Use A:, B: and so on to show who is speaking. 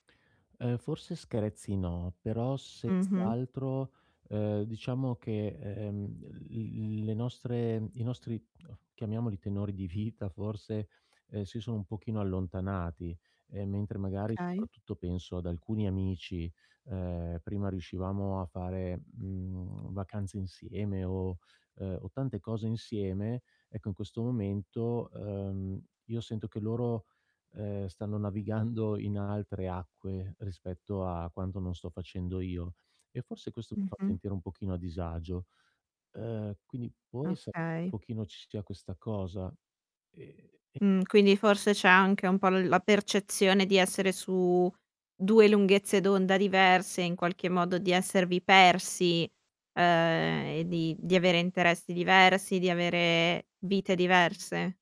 A: Ehm, forse screzi no, però senz'
B: Mh-mh.
A: altro, ehm, diciamo che, ehm, l le nostre i nostri chiamiamoli tenori di vita forse, ehm, si sono un pochino allontanati, e mentre magari,
B: Okay.
A: soprattutto penso ad alcuni amici, ehm, prima riuscivamo a fare, mhmm, vacanze insieme o, ehm, tante cose insieme, ecco in questo momento, uhm, io sento che loro, ehm, stanno navigando in altre acque, rispetto a quanto non sto facendo io. E forse questo mi fa
B: Mh-mh.
A: sentire un pochino a disagio. Ehm, quindi può essere che un
B: Okay.
A: pochino ci sia questa cosa? E e
B: Mh.
A: poi
B: Quindi forse c'è anche un po' l la percezione di essere su 2 lunghezze d'onda diverse, in qualche modo, di esservi persi, ehm, e di di avere interessi diversi, di avere vite diverse.